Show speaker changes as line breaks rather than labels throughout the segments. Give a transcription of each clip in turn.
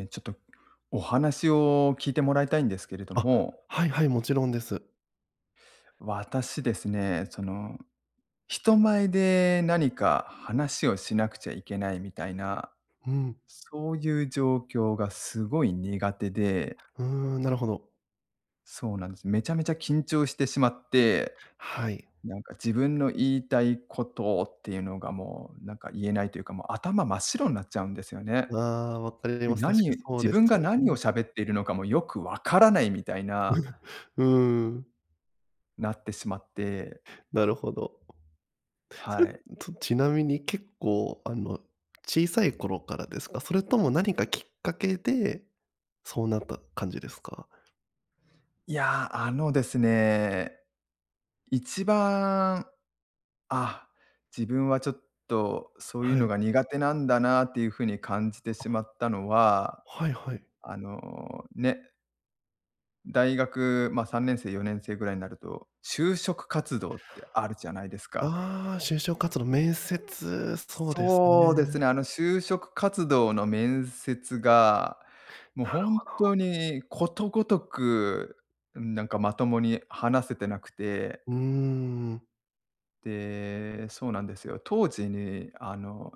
え、ちょっとお話を聞いてもらいたいんですけれど
あ、
も。
はいはい、もちろんです。
私ですね、その、人前で何か話をしなくちゃいけないみたいな、
うん。
そういう状況がすごい苦手で。
うーん、なるほど。
そうなんです。めちゃめちゃ緊張してしまって、
はい。
なんか自分の言いたいことっていうのが、もうなんか言えないというか、もう頭真っ白なっちゃうんですよね。
わ、分かります。確
何
か
言う
そう
自
です
分が
よ
何を
ね。
喋っているのかもよく分からないみたいな
うーん。
なってしまって。
なるほど。それ
は
っ
い。
とちなみに結構あの、小さい頃からですか？それとも何かきっかけでそうなった感じですか？
いや、あのですね、一番、あ、自分はちょっとそういう
は
の
い。
が苦手なんだなっていう風に感じて
あ。
しまったのは、
はい、はい。
あの、ね。大学、ま、3年生4年生ぐらいんなると、就職活動ってあるじゃないですか。
ああ、就職活動。面接、そうです
そうです
ね。
ね。あの、就職活動の面接が、もう、
なる
ほん
ほど。
とに、ことごとく、うん、なんかまともに話せてなくて。
うーん。
で、そうなんですよ。当時に、あの、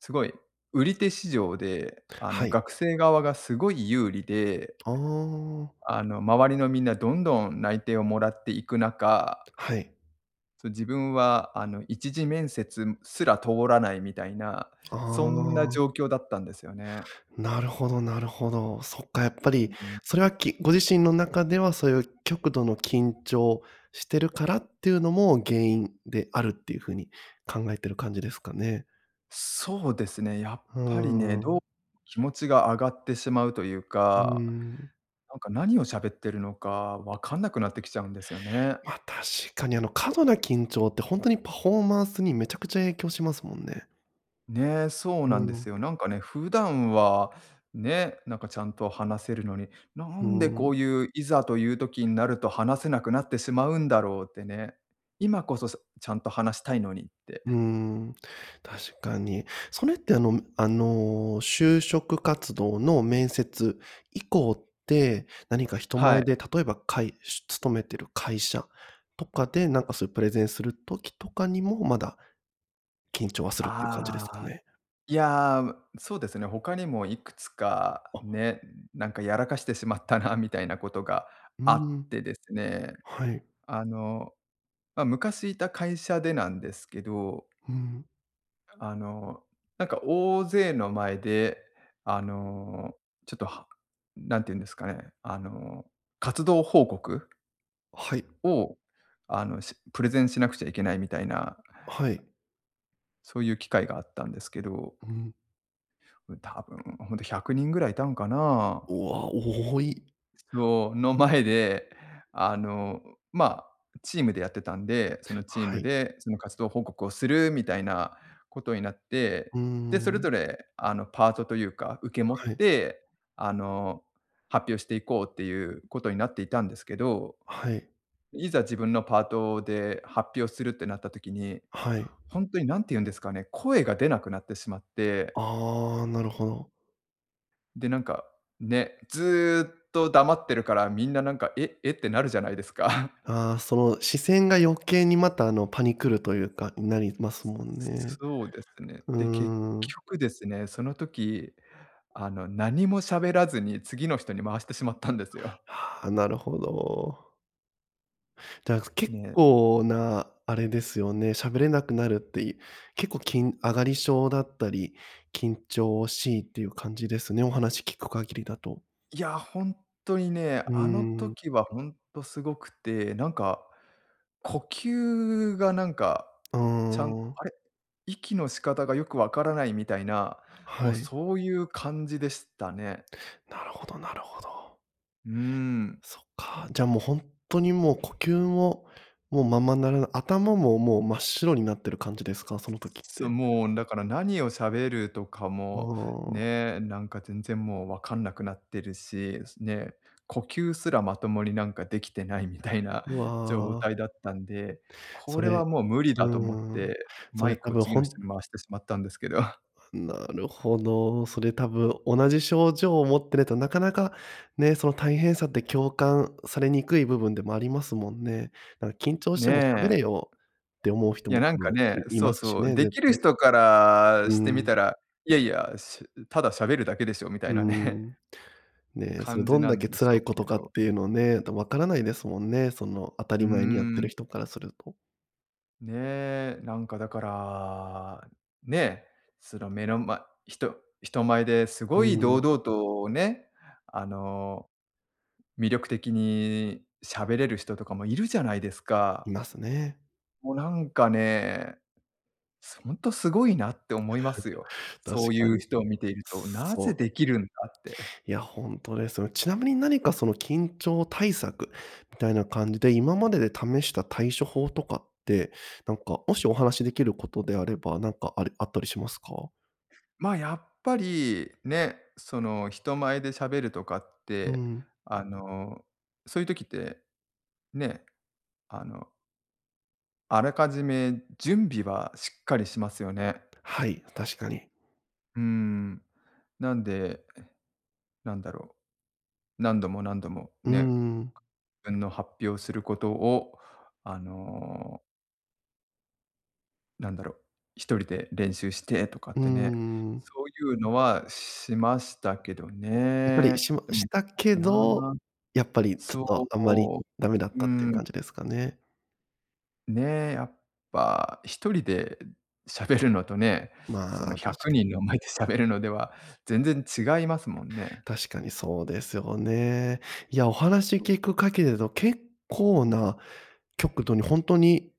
すごい売り手市場で、あ
は
の、
い。
学生側がすごい有利で
ああ。
あの、周りのみんなどんどん内定をもらっていく中
はい。
そう、自分は、あの一次面接すら通らないみたいな、
あ
そんな
あ。
状況だったんですよね。
なるほどなるほど。そっか、やっぱ
う
り
ん。
それはきご自身の中ではそういう極度の緊張してるからっていうのも原因であるっていう風に考えてる感じですかね。
そうですね、やっ
ふー
ぱりね、ど、
ん。
気持ちが上がってしまうという
う
か、
ーん。
なんか何を喋ってるのかわかんなくなってきちゃうんですよね。
ま、確かに、あの、過度な緊張ってほんとにパフォーマンスにめちゃくちゃ影響しますもんね。
ね、そうな
う
んで
ん。
すよ。なんかね、普段は、ね、なんかちゃんと話せるのに、な
う
んでこ
ん。
ういういざという時んなると、話せなくなってしまうんだろうってね。今こそさちゃんと話したいのにって。
うん、確かに。それって、あのあの、就職活動の面接以降って、何か人
は
前
い。
で例えば会し勤めてる会社とかでなんかそういうプレゼンする時とかにも、まだ緊張はするっていう感じですか
あ、
ね。
いや、ま、そうですね、他にもいくつか
あ。
ね、んなんかやらかしてしまったな、みたいなことが
う
あっ
ん。
てですね、
はい。
あの、ま、昔いた会社でなんですけど。
うん。
あの、なんか大勢の前で、あの、ちょっとは何て言うんですかね、あの、活動報告
はい。
を、あの、しプレゼンしなくちゃいけないみたいな。
はい。
そういう機会があったんですけど
うん。
う多分ほんと100人ぐらいいたんかな
うわ、多い。
そう。の前で、あの、ま、チームでやってたんで、そのチー
は
ム
い。
でその活動報告をするみたいなことになって。
う
で、それ
ん。
ぞれ、あの、パートというか、受け持っ
はい。
て、あの、発表していこうっていうことになっていたんですけど。
はい。
いざ自分のパートで発表するってなった時に、
はい。
ほんとに何て言うんですかね、声が出なくなってしまって
あ、なるほど。
で、なんか、ね、ずっと黙ってるから、みんななんか「え？え？」ってなるじゃないですか。
ああ、そう、視線が余計にまたあのパニくるというか、ん、なりますもんね。
そうですね。
うー
で、結
ん。
局ですね、その時、あの何も喋らずに次の人に回してしまったんですよ。
はあ、なるほど。だ、結
ね。
構なあれですよね。喋れなくなるっていう、結構、緊あがり症だったり、緊張しいっていう感じですね、お話聞く限りだと。
いや、ほんとにね、
うー
あの
ん。
時はほんとすごくて、なんか呼吸がなんか、
あ
ちゃんあ
あ。
れ、息の仕方がよく分からないみたいな、もう
はい。
そういう感じでしたね。
なるほどなるほど。
うーん。
そっか。じゃもうほんっとにもう呼吸も、もうままならな頭ももう真っ白になってる感じですか？その時っ
そう、
て。
もうだから何を喋るとか
あ
も、
あ。
ね、なんか全然もう分かんなくなってるし、ね、呼吸すらまともになんかできてないみたいな
う
状態
わ。
だったんで、こ
そ
れ
れ
はもう無理だ
う
と思っ
ーん、
て、
そ
マ
れ
イ
多
クを
分
次
ほ
の人
ん
に回してしまったんですけど。
なるほど。それ多分同じ症状を持ってるとなかなかね、その大変さって共感されにくい部分でもありますもんね。だか「緊張しても喋
ね。
れよ」って思う人
いや、
も
なん
多
か
分
ね、
いい
そう
ますし
そう。
ね、
で
絶
きる
対。
人から
う
し
ー
てみ
ん。
たら「いやいや、しただ喋るだけでしょ」みたい
うー
なね
ん。ね、それ
感
ど
じ
ん
な
だ
ん
け
でし
辛
ょう
いこと
け
かっ
ど。
ていうのをね、だ、分からないですもんね、その当た
うー
り前にやってる
ん。
人からすると。
ね、なんかだから、ね、その目の前人人前です
うー
ごい堂
ん。
々とね、あの、魅力的に喋れる人とかもいるじゃないですか。
いますね。
もうなんかね、すほんと、すごいなって思いますよ。
確
そうい
か
う
に。
人を見ていると、な
そ
ぜ
う。
できるんだって。
いや、ほんとですよね。ちなみに何かその緊張対策みたいな感じで、今までで試した対処法とかって、なんかもしお話しできることであれば、なんかありあったりしますか？
ま、やっぱりね、その人前で喋るとかっ
うー
て、
ん。
あの、そういう時って、ね、あのあらかじめ準備はしっかりしますよね。
はい、確かに。
うーん。なんで、なんだろう、何度も何度も、
うー
ね、
ん。
自分の発表することを、あのなんだろう、1人で練習してとかっ
うー
てね。
ん。
そういうのはしましたけど
やっぱりし
ね。
ま
でもや
し
っ
た
ぱ
け
り
ど、
な。
やっぱりちょ
そ
っ
う、
とあんまり
おう。
ダメだっ
う
たっていう
ん。
感じですかね。
ね、やっぱ1人で、しゃべるのとね、その
まあ、
ひゃ
確
く
か。
にんの前でしゃべるのでは全然違いますもんね。
確かにそうですよね。いや、お話聞くかけれど結構な極度にほんとに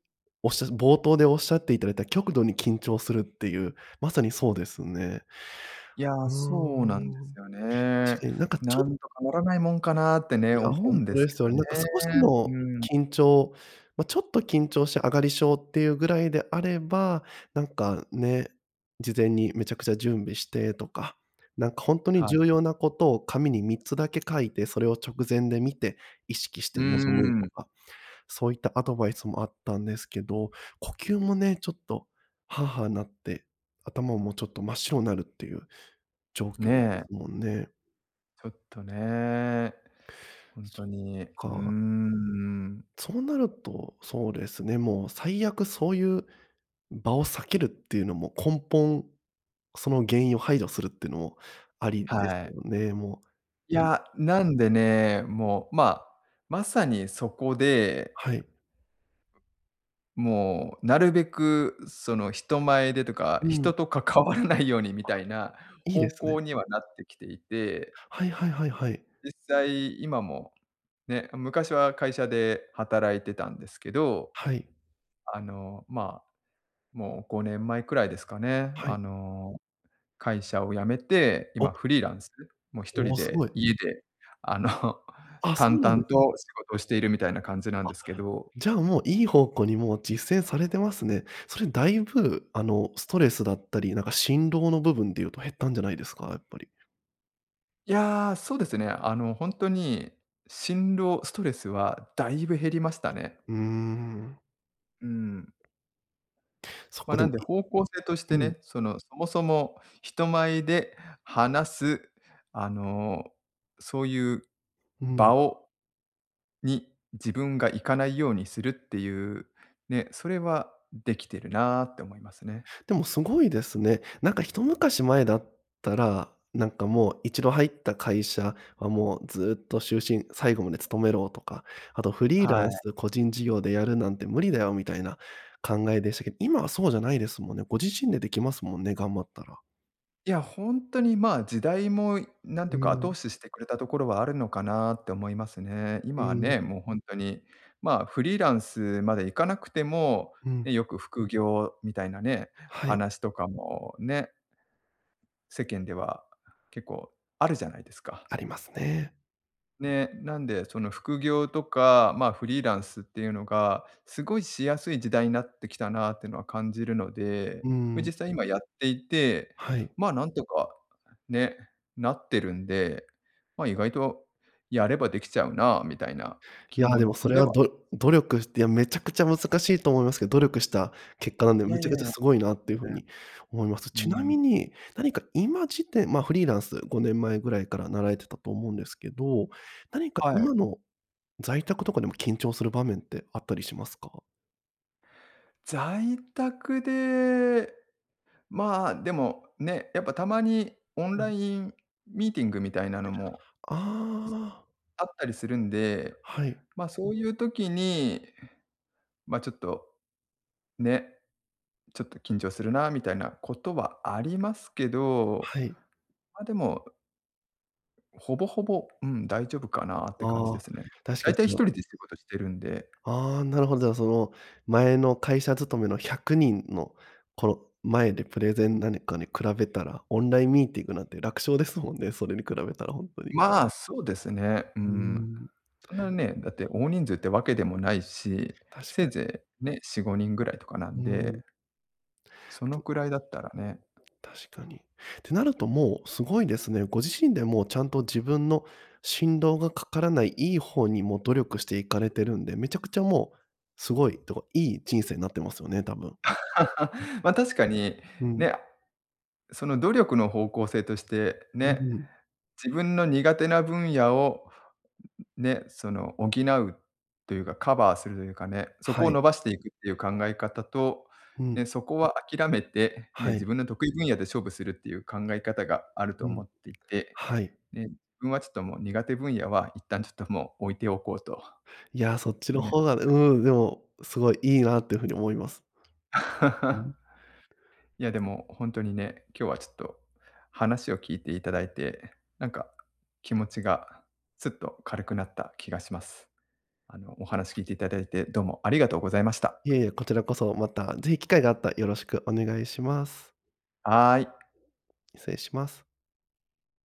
おっしゃ冒頭でおっしゃっていただいた極度に緊張するっていう、まさにそうですね。
いや、
うー
そうなんです
ん。
よ
確
ね。
かになんかち
な
ょっ
んとかならないもんかなってね、
いや、
思
ほ
う
ん
ん
と
です
で
け
すよ
ど
ね。
ね。
なんか少しの
うん。
緊張。ま、ちょっと緊張して上がり症っていうぐらいであれば、なんかね、事前にめちゃくちゃ準備してとか、なんかほんとに
は
重
い。
要なことを紙に3つだけ書いてそれを直前で見て意識し
うー
て臨むと
ん。
か、そういったアドバイスもあったんですけど、呼吸もね、ちょっと、はあはあなって、頭もちょっと真っ白なるっていう状況です
ね。
もんね。
ちょっとね、ほん
そ
と
っ
に、うー
か。
ん。
そうなると、そうですね。もう最悪そういう場を避けるっていうのも根本、その原因を排除するってのもありです
はい。
よね。もう。
い や、なんでね、もうまあ、まさにそこで。
はい。
もうなるべくその、人前でとか、
うん。
人と関わらないようにみ
あ、
たいな
いいで
方
すね。
向にはなってきていて。
はいはいはいはい。
実際今もね、あ、昔は会社で働いてたんですけど。
はい。
あの、ま、もう5年前くらいですかね、
は
あ
い。
の、会社を辞めて、今
お。
フリーランス？もう、ひと
お
り
お、す
で
ごい。
家であの、
あ、そ
淡
うなんで
々と
すか。
仕事しているみたいな感じなん
あ、
ですけど。
じゃ、もういい方向にもう実践されてますね。それだいぶ、あの、ストレスだったり、なんか心労の部分で言うと減ったんじゃないですか、やっぱり。
いや、そうですね。あの、ほんとに心労、ストレスはだいぶ減りましたね。
うーん。
うん。
そ
ま、
こで
なん
も、
で
い
方向性として
うん。
ね、そのそもそも人前で話す、あのそういう
うん。
場をに、自分が行かないようにするっていう、ね、それはできてるなって思いますね。
でもすごいですね。なんかひと昔前だったら、なんかもう1度入った会社はもうずっと終身、最後まで勤めろとか、あとフリーラ
は
ン
い。
ス個人事業でやるなんて無理だよみたいな、考えでしたけど、今はそうじゃないですもんね。ご自身でできますもんね、頑張ったら。
いや本当に、ま、時代もなんて
う
いうか後
ん。
押ししてくれたところはあるのかなって思いますね。
う
今は
ん。
ね、もう本当に、ま、フリーランスまで行かなくても、
うん。
ね、よく副業みたいなね、
はい。
話とかもね。世間では結構あるじゃないですか。
ありますね。
ね、なんでその副業とか、ま、フリーランスっていうのがすごいしやすい時代になってきたなってのは感じるので、
う
ま、
ん。
実際今やっていて、
はい。
ま、なんとかね、なってるんで、ま、意外とやればできちゃうなみたいな
い
気
や、
持
でもそ
ち
れ
で
は、
は
ど努力して、いや、めちゃくちゃ難しいと思いますけど、努力した結果なんで、
い
め
やい
ち
や
ゃ
い
くちゃ
や。
すごいなっていう風
全然。
に思います。ちな
う
み
ん。
に、何か今時点まあフリーランス、5年前ぐらいからなられてたと思うんですけど、何か
は
今
い。
の、在宅とかでも緊張する場面ってあったりしますか？
在宅で、まあ、でもね、やっぱたまにオン
う
ラ
ん。
インミーティングみたいなのも
ああ。
あったりするんで、
はい。
ま、そういう時に、ま、ちょっと、ね、ちょっと緊張するなみたいなことはありますけど、
はい。
まあでもほぼ、ほぼ、うん、大丈夫かなって感じ
あ
で
あ、
すね。
確か
大
に、そ
体ひと
の
りで仕事してるんで。
ああ、なるほど、なる、その、前の会社勤めの100人の、この前でプレゼン何かに比べたら、オンラインミーティングなんて楽勝ですもんね、それに比べたら本当に。
まあ、そうですね。う
うー
ん、
ん。
そんなね、だって大人数ってわけでもないし、
確
せ
か
い
に。
ぜいね、4、5人ぐらいとかな
う
んで。
ん。
そのくらいだったらね。
確かに。てなるともう、すごいですね。ご自身でもちゃんと自分の心労がかからない、いい方にも努力していかれてるんで、めちゃくちゃもうすごいとか、いい人生になってますよね、多分。
ま、確かに、
うん。
ね。その努力の方向性として、
う
ね、
んうん。
自分の苦手な分野をね、その補うというか、カバーするかね、そこ
は
を
い。
伸ばしていくっていう考え方と、
う
ね、
ん。
そこは諦めて、ね、
は
自
い。
分の得意分野で勝負するっていう考え方があると
うん。
思っていて、
はい。
ね、自分はちょっともう苦手分野は一旦ちょっともう置いておこうと。
いや、そっちの
ね。
方がうん、でも、すごいいいなっていうふうに思います。う ん。
いやでも本当にね、今日はちょっと話を聞いていただいて、なんか気持ちがすっと軽くなった気がします。あの、お話聞いていただいてどうもありがとうございました。
いえいえ、こちらこそ。また是非機会があったらよろしくお願いします。
はい。
失礼します。